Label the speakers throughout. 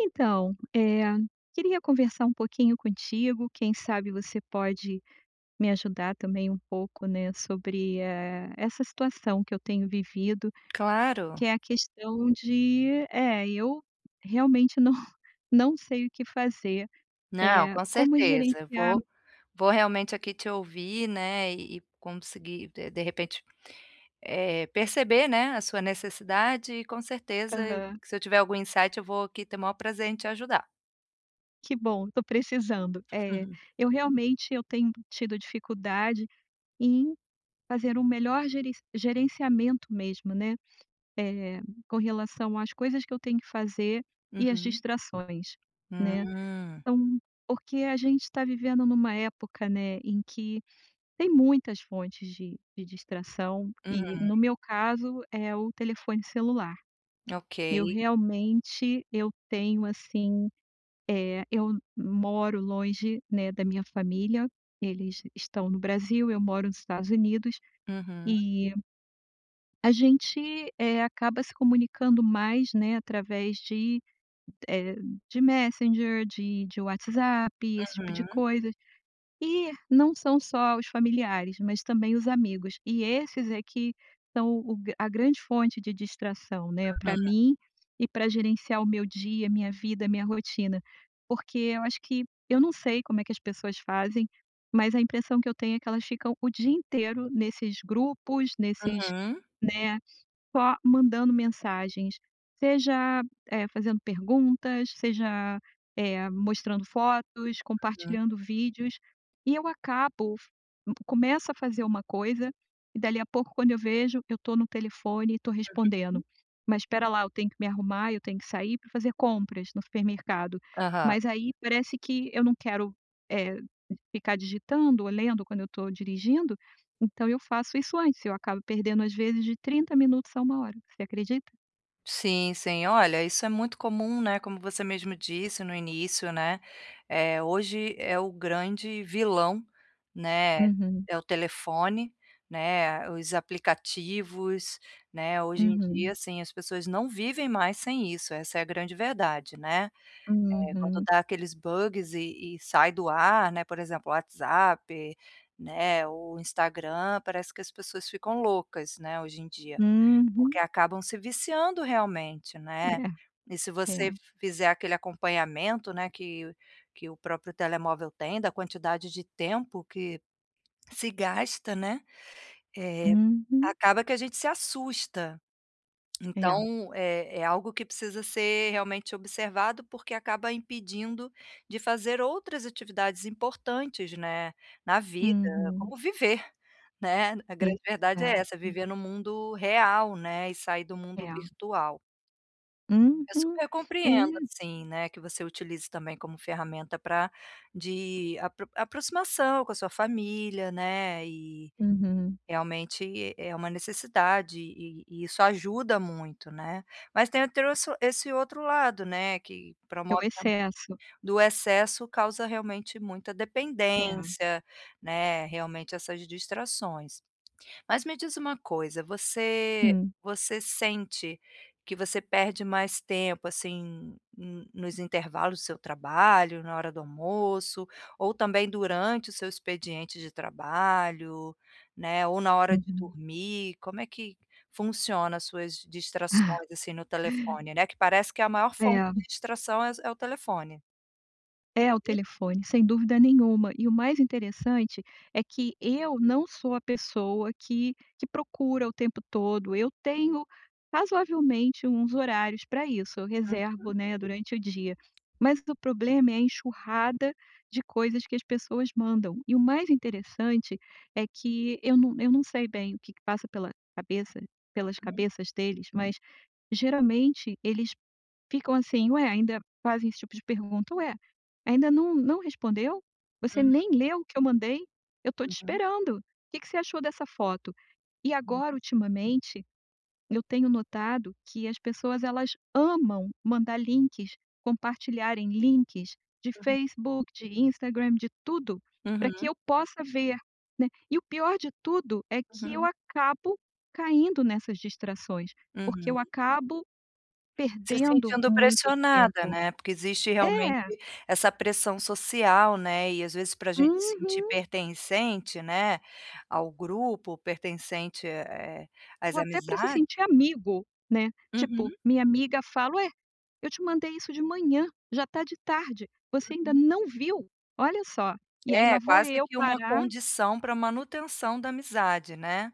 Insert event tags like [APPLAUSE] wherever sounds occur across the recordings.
Speaker 1: Então, eh, queria conversar um pouquinho contigo, quem sabe você pode me ajudar também um pouco, né, sobre, eh, essa situação que eu tenho vivido, que
Speaker 2: Claro.
Speaker 1: é a questão de é eu realmente não [CHUCKLES] não sei o que fazer,
Speaker 2: Não,
Speaker 1: é,
Speaker 2: com
Speaker 1: como
Speaker 2: certeza,
Speaker 1: gerenciar
Speaker 2: vou vou realmente aqui te ouvir, né, e e conseguir de de repente, eh, perceber, né, a sua necessidade e com certeza eu
Speaker 1: Aham.
Speaker 2: se eu tiver algum insight eu vou aqui ter o maior prazer em te ajudar.
Speaker 1: Que bom estou precisando. Eh,
Speaker 2: Uhum.
Speaker 1: eu realmente eu tenho tido dificuldade em fazer o melhor gerenci gerenciamento mesmo, né. Eh, com relação às coisas que eu tenho que fazer e às
Speaker 2: Uhum.
Speaker 1: distrações, né.
Speaker 2: Hum.
Speaker 1: Então, porque a gente tá vivendo em uma época, né, em que tem muitas fontes de de distração e no
Speaker 2: Uhum.
Speaker 1: meu caso é o telefone celular. Eu
Speaker 2: Ok.
Speaker 1: realmente, eu tenho assim, eh, eu moro longe, né, da minha família, eles estão no Brasil, eu moro no Estados Unidos,
Speaker 2: Uhum.
Speaker 1: e a gente, eh, acaba se comunicando mais, né, através de, eh, de Messenger de de WhatsApp, esse tipo de
Speaker 2: Uhum.
Speaker 1: coisa, e não são só os familiares, mas também os amigos e esses é que são o gra a grande fonte de distração, né, para
Speaker 2: [UNINTELLIGIBLE]
Speaker 1: mim, e para gerenciar o meu dia, a minha vida, a minha rotina, porque eu acho que eu não sei como é que as pessoas fazem, mas a impressão que eu tenho é que elas ficam o dia inteiro nesses grupos, nesses,
Speaker 2: Uhum.
Speaker 1: né, só mandando mensagens, seja eh, fazendo perguntas, seja, eh, mostrando fotos,
Speaker 2: Uhum.
Speaker 1: compartilhando vídeos, e eu acabo, começo a fazer uma coisa, e dali a pouco quando eu vejo, eu estou no telefone e estou respondendo,
Speaker 2: Uhum.
Speaker 1: mas espera lá eu tenho que me arrumar, eu tenho que sair para fazer compras no supermercado,
Speaker 2: Aham.
Speaker 1: mas aí parece que eu não quero, eh, ficar digitando ou lendo quando eu estou dirigindo, então eu faço isso antes, eu acabo perdendo às vezes de 30 minutos, a 1h, você acredita?
Speaker 2: Sim sim, olha, isso é muito comum, né, como você mesmo disse no início, né, eh, hoje é o grande vilão, né,
Speaker 1: Uhum.
Speaker 2: é o telefone, né, os aplicativos, né, hoje em dia,
Speaker 1: Uhum.
Speaker 2: assim, as pessoas não vivem mais sem isso, essa é a grande verdade, né, eh, quando
Speaker 1: Uhum.
Speaker 2: dá aqueles bugs e e sai do ar, né, por exemplo, o WhatsApp, né, o Instagram, parece que as pessoas ficam loucas, né, hoje em dia,
Speaker 1: Uhum.
Speaker 2: porque acabam se viciando realmente, né,
Speaker 1: É,
Speaker 2: e se
Speaker 1: é.
Speaker 2: você fizer aquele acompanhamento, né, que que o próprio telemóvel tem da quantidade de tempo que se gasta, né, eh,
Speaker 1: Uhum.
Speaker 2: acaba que a gente se assusta.
Speaker 1: É.
Speaker 2: Então, é é algo que precisa ser realmente observado, porque acaba impedindo de fazer outras atividades importantes, né, na vida,
Speaker 1: Uhum.
Speaker 2: como viver, né, a grande verdade é essa,
Speaker 1: Exato.
Speaker 2: viver no mundo real, né, e sair do mundo
Speaker 1: É.
Speaker 2: virtual. Eu
Speaker 1: Uhum,
Speaker 2: super compreendo,
Speaker 1: é.
Speaker 2: assim, né, que você utilize, também, como ferramenta para apro de aproximação com a sua família, né, e
Speaker 1: Uhum.
Speaker 2: realmente é uma necessidade e e isso ajuda muito, né, mas tem trosso esse outro lado, né, que
Speaker 1: É
Speaker 2: promove
Speaker 1: o
Speaker 2: a
Speaker 1: excesso.
Speaker 2: [UNINTELLIGIBLE] do excesso causa realmente muita
Speaker 1: É.
Speaker 2: dependência, né, realmente essas distrações. Mas me diz uma coisa, você
Speaker 1: Hum.
Speaker 2: você sente que você perde mais tempo, assim, nos intervalos do seu trabalho, na hora do almoço, ou, também, durante o seu expediente de trabalho, né, ou na hora de
Speaker 1: Uhum.
Speaker 2: dormir? Como é que funciona as suas
Speaker 1: Ah.
Speaker 2: distrações, assim, no telefone, né, que parece que a maior fonte
Speaker 1: É.
Speaker 2: de distração é é o telefone.
Speaker 1: É o
Speaker 2: [UNINTELLIGIBLE]
Speaker 1: telefone, sem dúvida nenhuma, e o mais interessante, é que eu não sou a pessoa que que procura o tempo todo, eu tenho razoavelmente uns horários pra isso, eu reservo,
Speaker 2: Uhum.
Speaker 1: né, durante o dia, mas o problema é a enxurrada de coisas que as pessoas mandam, e o mais interessante, é que eu não eu não sei bem o que que passa pela cabeça pelas
Speaker 2: Hum.
Speaker 1: cabeças deles, mas geralmente eles ficam, assim: "Ué", ainda fazem esse tipo de pergunta: "Ué, ainda não não respondeu?". "Você
Speaker 2: Uhum.
Speaker 1: nem leu o que eu mandei?", "Eu tô te
Speaker 2: Uhum.
Speaker 1: esperando, que que você achou dessa foto?". E agora
Speaker 2: Hum.
Speaker 1: ultimamente, eu tenho notado que as pessoas elas amam mandar links, compartilharem links de
Speaker 2: [UNINTELLIGIBLE]
Speaker 1: Facebook, de Instagram, de tudo, pra que
Speaker 2: Uhum.
Speaker 1: eu possa ver, né, e o pior de tudo, é que eu
Speaker 2: Uhum.
Speaker 1: acabo caindo nessas distrações, porque
Speaker 2: Uhum.
Speaker 1: eu acabo
Speaker 2: Se
Speaker 1: perdendo
Speaker 2: sentindo
Speaker 1: muito
Speaker 2: pressionada
Speaker 1: tempo,
Speaker 2: né. Porque existe realmente
Speaker 1: É.
Speaker 2: essa pressão social, né, e às vezes pra gente se sentir
Speaker 1: Uhum.
Speaker 2: pertencente, né, ao grupo ou pertencente, eh eh às
Speaker 1: Ou até pra se
Speaker 2: amizades
Speaker 1: sentir amigo, né, tipo,
Speaker 2: Uhum.
Speaker 1: minha amiga fala: "Ué, eu te mandei isso de manhã, já tá de tarde, você ainda
Speaker 2: Uhum.
Speaker 1: não viu?". Olha só, e aí, lá
Speaker 2: É,
Speaker 1: vou
Speaker 2: quase
Speaker 1: eu
Speaker 2: que uma
Speaker 1: parar
Speaker 2: condição pra manutenção da amizade, né,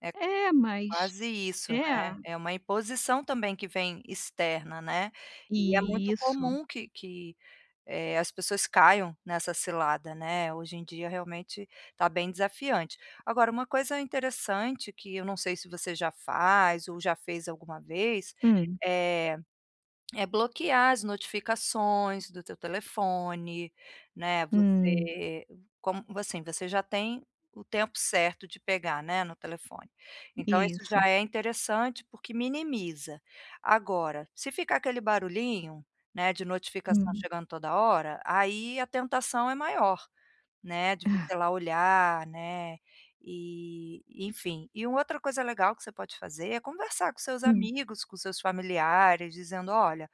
Speaker 2: é
Speaker 1: É mas,
Speaker 2: quase isso,
Speaker 1: é.
Speaker 2: né, é uma imposição também que vem externa, né, e é muito
Speaker 1: Isso.
Speaker 2: comum que que, eh, as pessoas caiam nessa cilada, né, hoje em dia realmente, tá bem desafiante. Agora uma coisa interessante que eu não sei se você já faz ou já fez alguma vez,
Speaker 1: Hum.
Speaker 2: eh, é bloquear as notificações do teu telefone, né,
Speaker 1: Hum.
Speaker 2: você como assim, você já tem o tempo certo de pegar, né, no telefone, então, isso
Speaker 1: Isso.
Speaker 2: já é interessante porque minimiza. Agora, se ficar aquele barulhinho, né, de notificação
Speaker 1: Hum.
Speaker 2: chegando toda hora, aí a tentação é maior, né de você ir lá olhar né, eh, enfim. E uma outra coisa legal que você pode fazer, é conversar com seus
Speaker 1: Hum.
Speaker 2: amigos, com seus familiares dizendo: "Olha,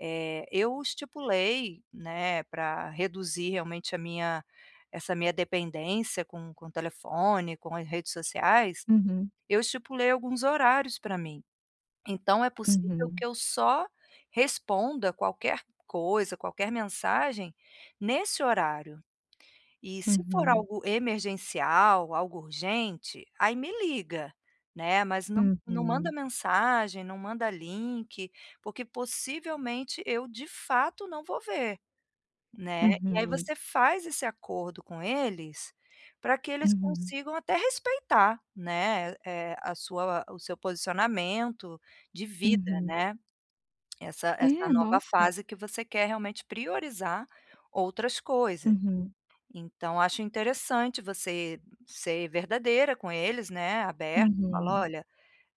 Speaker 2: eh, eu estipulei, né, pra reduzir realmente a minha essa minha dependência com com o telefone, com as redes sociais,
Speaker 1: Uhum.
Speaker 2: eu estipulei alguns horários pra mim, então, é possível
Speaker 1: Uhum.
Speaker 2: que eu só responda, qualquer coisa, qualquer mensagem nesse horário. E se for
Speaker 1: Uhum.
Speaker 2: algo emergencial, algo urgente, aí me liga, né, mas não não manda
Speaker 1: Uhum.
Speaker 2: mensagem, não manda link, porque possivelmente, eu de fato não vou ver", né. E aí,
Speaker 1: Uhum.
Speaker 2: você faz esse acordo com eles, pra que eles
Speaker 1: Uhum.
Speaker 2: consigam até respeitar, né, a sua o seu posicionamento de vida,
Speaker 1: Uhum.
Speaker 2: né, essa essa
Speaker 1: É,
Speaker 2: nova
Speaker 1: nossa.
Speaker 2: fase que você quer realmente priorizar outras coisas.
Speaker 1: Uhum.
Speaker 2: Então, acho interessante você ser, verdadeira com eles, né, aberta, fala:
Speaker 1: Uhum.
Speaker 2: "Olha",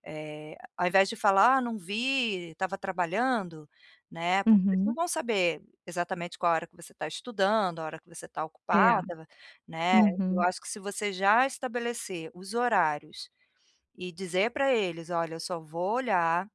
Speaker 2: eh, ao invés de falar: "Ah não vi, estava trabalhando", né, porque eles não
Speaker 1: Uhum.
Speaker 2: vão saber, exatamente qual a hora que você tá estudando, a hora que você está
Speaker 1: É,
Speaker 2: ocupada, né, eu
Speaker 1: uhum.
Speaker 2: acho que se você já estabelecer os horários, e dizer pra eles: "Olha eu só vou olhar,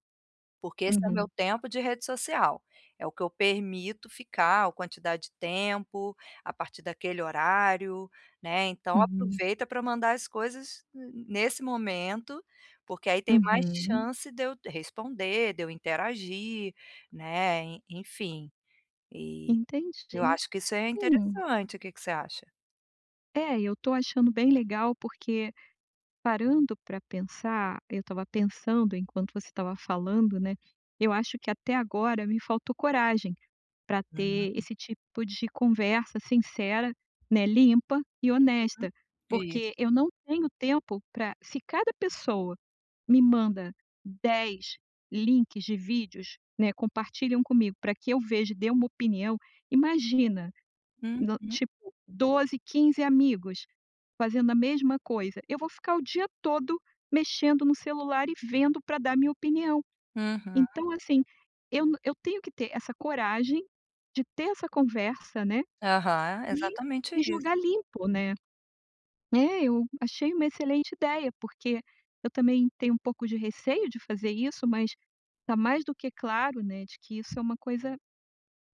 Speaker 2: porque esse é meu
Speaker 1: Uhum.
Speaker 2: tempo de rede social, é o que eu permito ficar ou quantidade de tempo, a partir daquele horário, né, então,
Speaker 1: Uhum.
Speaker 2: aproveita para mandar as coisas ne nesse momento, porque, aí, tem mais
Speaker 1: Uhum.
Speaker 2: chance de eu responder, de eu interagir", né, e enfim, eh, eu
Speaker 1: Entendi,
Speaker 2: acho que isso é
Speaker 1: hum.
Speaker 2: interessante, que que você acha?
Speaker 1: É, e eu tô achando bem legal, porque parando pra pensar eu estava pensando enquanto você estava falando, né. Eu acho que até agora me faltou coragem, pra ter
Speaker 2: Hum.
Speaker 1: esse tipo de conversa sincera, né, limpa e
Speaker 2: Uhum,
Speaker 1: honesta,
Speaker 2: isso.
Speaker 1: porque eu não tenho tempo pra se cada pessoa me manda 10 links de vídeos, né, compartilham comigo pra que eu veja dê uma opinião, imagina no,
Speaker 2: Uhum.
Speaker 1: tipo, 12, 15 amigos, fazendo a mesma coisa. Eu vou ficar o dia todo mexendo no celular e vendo pra dar minha opinião,
Speaker 2: Uhum.
Speaker 1: então, assim, eu eu tenho que ter essa coragem de ter essa conversa, né,
Speaker 2: Aham,
Speaker 1: e
Speaker 2: exatamente
Speaker 1: e
Speaker 2: isso.
Speaker 1: jogar limpo, né. É, eu achei uma excelente ideia, porque eu também tenho um pouco de receio de fazer isso mas, tá mais do que claro, né ,de que isso é uma coisa,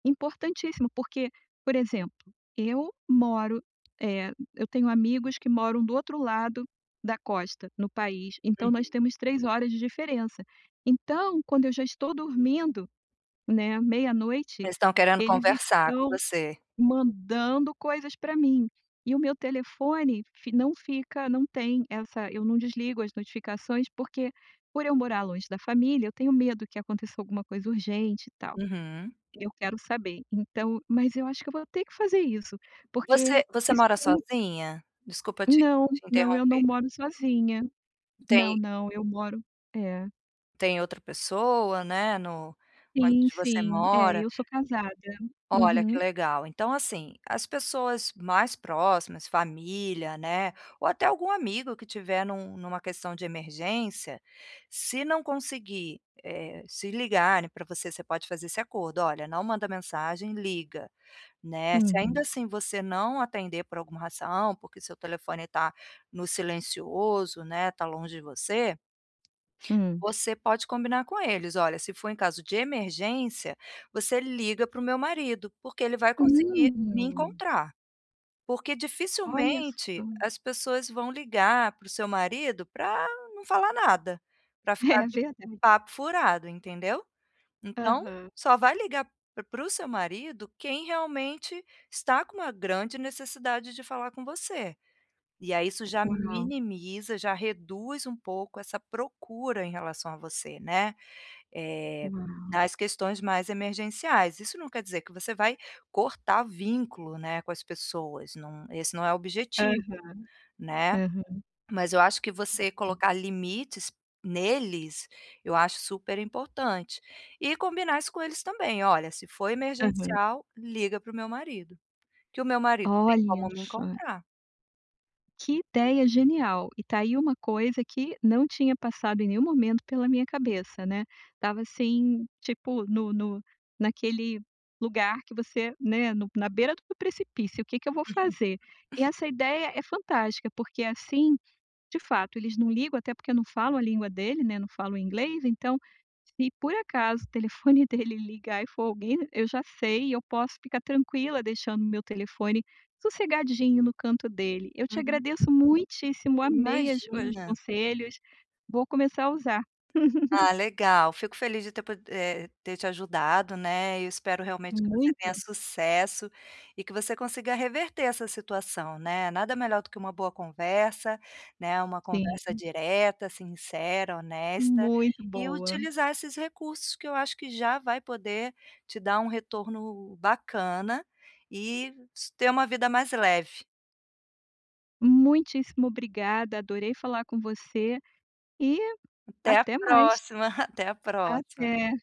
Speaker 1: importantíssimo porque, por exemplo, eu moro, eh eu tenho amigos que moram do outro lado da costa, no país, então, nós
Speaker 2: Uhum.
Speaker 1: temos 3 horas de diferença, então, quando eu já estou dormindo, né, meia-noite,
Speaker 2: Eles estão querendo
Speaker 1: eles
Speaker 2: conversar com
Speaker 1: estão
Speaker 2: você?
Speaker 1: mandando coisas pra mim, e o meu telefone fi não fica não tem essa eu não desligo as notificações, porque por eu morar longe da família eu tenho medo que aconteça alguma coisa urgente, e tal,
Speaker 2: Uhum.
Speaker 1: eu quero saber. então mas eu acho que eu vou ter que fazer isso, porque
Speaker 2: Você você
Speaker 1: isso
Speaker 2: mora
Speaker 1: tem
Speaker 2: sozinha? Desculpa te
Speaker 1: Não,
Speaker 2: te
Speaker 1: não eu não
Speaker 2: interromper.
Speaker 1: moro sozinha,
Speaker 2: Tem
Speaker 1: não não, eu moro é.
Speaker 2: Tem outra pessoa, né, no
Speaker 1: Sim
Speaker 2: onde você
Speaker 1: sim, é,
Speaker 2: mora.
Speaker 1: eu sou casada.
Speaker 2: Olha que
Speaker 1: Uhum.
Speaker 2: legal então assim, as pessoas mais próximas, família, né, ou até algum amigo que estiver em uma em uma questão de emergência, se não conseguir, eh, se ligarem para você, você pode fazer esse acordo, "Olha, não manda mensagem liga", né, se ainda
Speaker 1: Uhum.
Speaker 2: assim você não atender por alguma razão porque seu telefone está no silencioso, né, está longe de você
Speaker 1: Hum.
Speaker 2: você pode combinar com eles, "Olha, for em caso de emergência você liga para o meu marido, porque ele vai conseguir me
Speaker 1: Uhum.
Speaker 2: encontrar", Porque
Speaker 1: Olha
Speaker 2: dificilmente
Speaker 1: só.
Speaker 2: as pessoas vão ligar para o seu marido para não falar nada, para ficar
Speaker 1: É
Speaker 2: de
Speaker 1: verdade.
Speaker 2: papo furado, entendeu. Então
Speaker 1: Aham.
Speaker 2: só vai ligar para o para o seu marido quem realmente está com uma grande necessidade de falar com você, e aí isso já
Speaker 1: Uau.
Speaker 2: minimiza, já reduz um pouco essa procura em relação a você, né, eh,
Speaker 1: Uau.
Speaker 2: nas questões mais emergenciais, isso não quer dizer que você vai cortar vínculo, né, com as pessoas, não esse não é o
Speaker 1: Aham.
Speaker 2: objetivo, né.
Speaker 1: Aham.
Speaker 2: Mas eu acho que você
Speaker 1: Uhum.
Speaker 2: colocar limites neles eu acho super importante, e combinar isso com eles também: "Olha se for
Speaker 1: Aham.
Speaker 2: emergencial liga para o meu marido, que o meu marido tem como
Speaker 1: Olha
Speaker 2: me
Speaker 1: só.
Speaker 2: encontrar".
Speaker 1: Que ideia genial, e tá aí uma coisa que não tinha passado em nenhum momento pela minha cabeça, né, estava assim, tipo no no naquele lugar que você, né, no na beira do precipício, o que que eu vou fazer?
Speaker 2: [UNINTELLIGIBLE]
Speaker 1: E essa ideia é fantástica porque assim, de fato eles não ligam até porque eu não falo a língua dele, né, não falam inglês então, se por acaso o telefone dele ligar e for alguém, eu já sei e eu posso ficar tranquila deixando o meu telefone sossegadinho no canto dele, eu te
Speaker 2: Uhum.
Speaker 1: agradeço muitíssimo amei as os
Speaker 2: Imagina.
Speaker 1: conselhos, vou começar a usar. [LAUGHS]
Speaker 2: Ah, legal, fico feliz de ter podi eh, de ter te ajudado, né, e espero realmente tenha
Speaker 1: Muito.
Speaker 2: sucesso, e que você consiga reverter essa situação, né, nada melhor do que uma boa conversa, né, uma conversa
Speaker 1: Sim.
Speaker 2: direta, sincera, honesta,
Speaker 1: Muito
Speaker 2: e
Speaker 1: boa.
Speaker 2: utilizar esses recursos que eu acho que já vai poder te dar um retorno bacana, e s ter uma vida mais leve.
Speaker 1: Muitíssimo obrigada, adorei falar com você, e
Speaker 2: Até a
Speaker 1: até mais.
Speaker 2: próxima, [CHUCKLES] até a próxima.
Speaker 1: Até.